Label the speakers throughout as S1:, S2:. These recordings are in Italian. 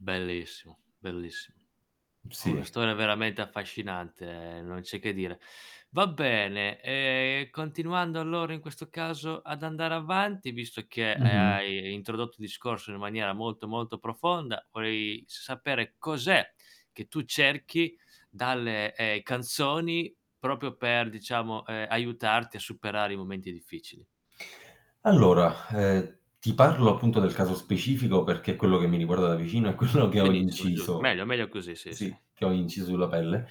S1: Bellissimo, bellissimo.
S2: Mh,
S1: Ho una
S2: sì.
S1: storia veramente affascinante, non c'è che dire. Va bene, ehm, continuando allora in questo caso ad andare avanti, visto che, ehm,
S2: Mh-mh.
S1: hai introdotto il discorso in maniera molto, molto profonda, vorrei sapere cos'è che tu cerchi dalle, ehm, canzoni proprio per diciamo, ehm, aiutarti a superare i momenti difficili?
S2: Allora, ehm, ti parlo appunto del caso specifico perché è quello che mi riguarda da vicino, è quello che ho
S1: Benissimo, giu
S2: inciso
S1: meglio meglio così, sì, sì.
S2: sì, che ho inciso sulla pelle.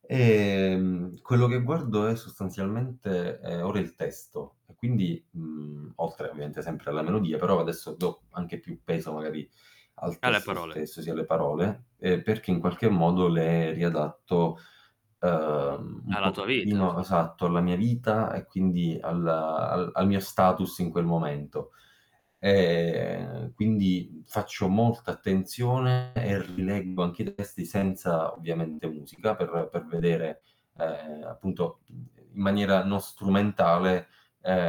S2: Ehm, quello che guardo è sostanzialmente ehm, ora il testo, e quindi, mhmm, oltre ovviamente sempre alla melodia, però adesso do anche più peso magari al
S1: Ah, le
S2: testo
S1: parole.
S2: stesso, sì alle parole, ehm, perché in qualche modo le riadatto, ehm, un
S1: Alla tua vita
S2: pochettino
S1: fors
S2: esatto, alla mia vita e quindi al al al mio status in quel momento. Ehm, quindi, mhmm, faccio molta attenzione, e rileggo anche i testi, senza ovviamente musica, per per vedere, ehm, appunto, uhm, in maniera non strumentale,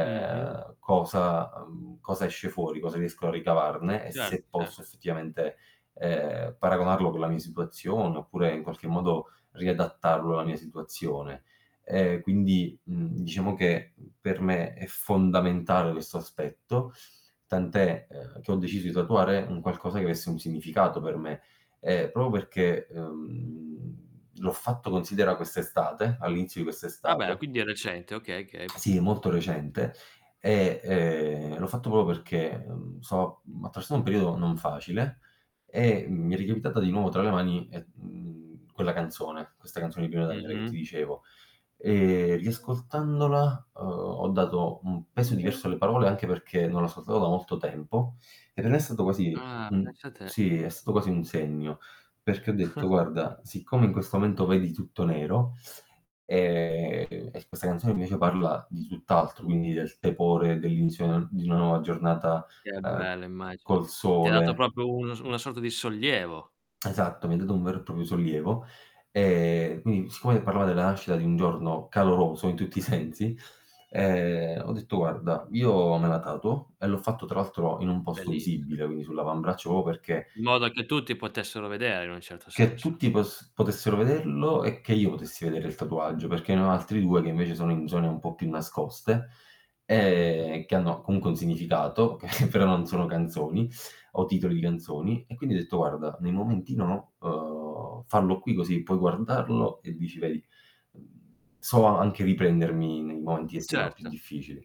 S1: Mh-mh.
S2: cosa mhmm, cosa esce fuori, cosa riesco a ricavarne, e
S1: Certo,
S2: se posso
S1: certo.
S2: effettivamente, ehm, paragonarlo con la mia situazione, oppure in qualche modo riadattarlo alla mia situazione. Ehm, quindi, mhmm, diciamo che, uhm, per me è fondamentale questo aspetto, tant'è, ehm, che ho deciso di tatuare un qualcosa che avesse un significato per me. Ehm, proprio perché, ehm, l'ho fatto considera quest'estate, all'inizio di
S1: Ah beh,
S2: quest'estate.
S1: quindi è recente, okay, okay.
S2: Sì, molto recente, e, ehm, l'ho fatto proprio perché, uhm, so uhm, attraversa un periodo non facile, e mi è ricapitata di nuovo tra le mani, e mhmm, quella canzone, questa canzone di Pino Daniele, che ti
S1: Mh-mh.
S2: dicevo. Ehm, riascoltandola, uhm, ho dato un peso diverso alle parole, anche perché non l'ascoltavo da molto tempo, e per me è stato così
S1: Ah,
S2: uhm,
S1: pensa te.
S2: sì, è stato quasi un segno, perché ho detto: "Guarda, siccome in questo momento vedi tutto nero, ehm, e questa canzone invece parla di tutt'altro, quindi del tepore, dell'illusione di una nuova giornata,
S1: Che
S2: ehm,
S1: bello, immagino.
S2: col
S1: Ti ha dato
S2: sole".
S1: proprio un s una sorta di sollievo.
S2: Esatto, mi ha dato un vero e proprio sollievo, ehm, quindi siccome parlava della nascita di un giorno caloroso, in tutti i sensi, ehm, ho detto: "Guarda io me la tatuo" E l'ho fatto tra l'altro in un posto
S1: Bellissi
S2: visibile, quindi sull'avambraccio proprio perché
S1: In modo che tutti potessero vedere, in un certo
S2: che
S1: senso.
S2: tutti poss potessero vederlo, e che io potessi vedere il tatuaggio, perché ne ho altri 2 che invece sono in zone un po' più nascoste,
S1: Mh-mh.
S2: ehm, che hanno comunque un significato che però non sono canzoni, o titoli di canzoni, e quindi ho detto: "Guarda, nei momenti no, uhm, farlo qui così puoi guardarlo, e dici vedi" "…so a anche riprendermi nei momenti che sembrano più
S1: Certo.
S2: difficili".